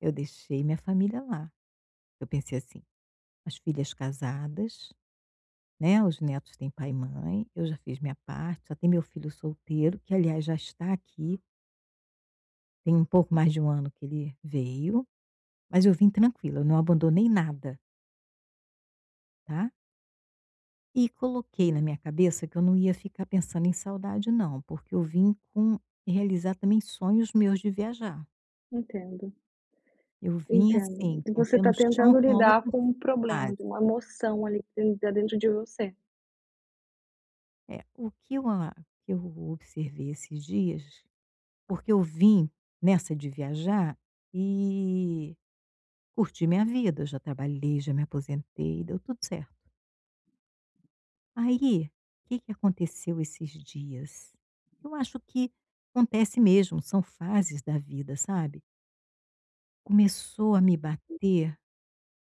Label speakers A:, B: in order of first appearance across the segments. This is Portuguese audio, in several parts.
A: Eu deixei minha família lá. Eu pensei assim: "As filhas casadas, né, os netos têm pai e mãe, eu já fiz minha parte. Só tem meu filho solteiro, que aliás já está aqui". Tem um pouco mais de 1 ano que ele veio. Mas eu vim tranquila, não abandonei nada. Tá? E coloquei na minha cabeça que eu não ia ficar pensando em saudade não, porque eu vim com realizar também sonhos meus de viajar.
B: Entendo.
A: Eu vim
B: Entendo.
A: assim, com
B: Você
A: pé no
B: está
A: chão,
B: tentando
A: pra uma
B: lidar
A: outra
B: com um problema,
A: fase.
B: de uma emoção ali, que ta dentro de você.
A: É. O que eu a que eu observei esses dias, porque eu vim nessa de viajar, e curtir minha vida. Eu já trabalhei, já me aposentei. Deu tudo certo. Aí, que que aconteceu esses dias? Eu acho que acontece mesmo, são fases da vida, sabe? Começou a me bater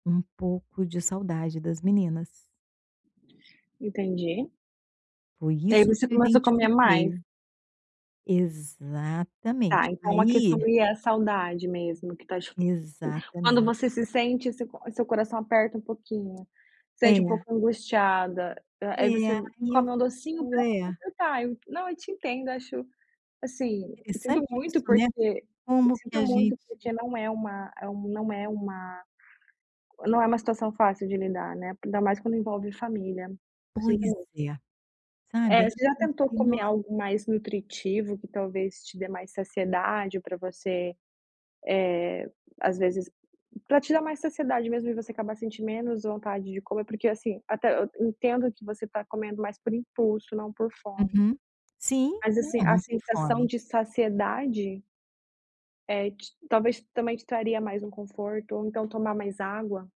A: um pouco de saudade das meninas.
B: Entendi.
A: Foi
B: E aí
A: isso
B: você
A: que eu
B: começa a comer mais.
A: identifiquei. Exatamente.
B: Está, então a questão
A: Aí
B: aí é a saudade mesmo, que está cho. [unintelligible] Quando você
A: Exatamente!
B: se sente seu cor seu coração aperta um pouquinho, sente um
A: É.
B: pouco angustiada. Aí você
A: É.
B: come um docinho pra te
A: [unintelligible]
B: completar. Eu não, eu te entendo, acho, assim, sinto
A: Interessante
B: muito
A: isso, né,
B: porque
A: como que
B: sinto
A: a
B: muito
A: gente
B: porque não é uma não é uma não é uma situação fácil de lidar, né, ainda mais quando envolve família. Eu sinto
A: Pois
B: muito.
A: é, sabe?
B: É.
A: Aí,
B: Você já
A: por isso eu
B: tentou
A: falei
B: comer
A: nossa
B: algo mais nutritivo que talvez te dê mais saciedade, pra você, eh, às vezes, pra te dar mais saciedade mesmo e você acabar sentir menos vontade de comer? Porque assim, até eu entendo que você tá comendo mais por impulso, não por fome.
A: Uhum. Sim.
B: Mas
A: Não,
B: assim, a
A: não tenho
B: sensação
A: fome.
B: de saciedade é te talvez também te traria mais um conforto, ou então tomar mais água.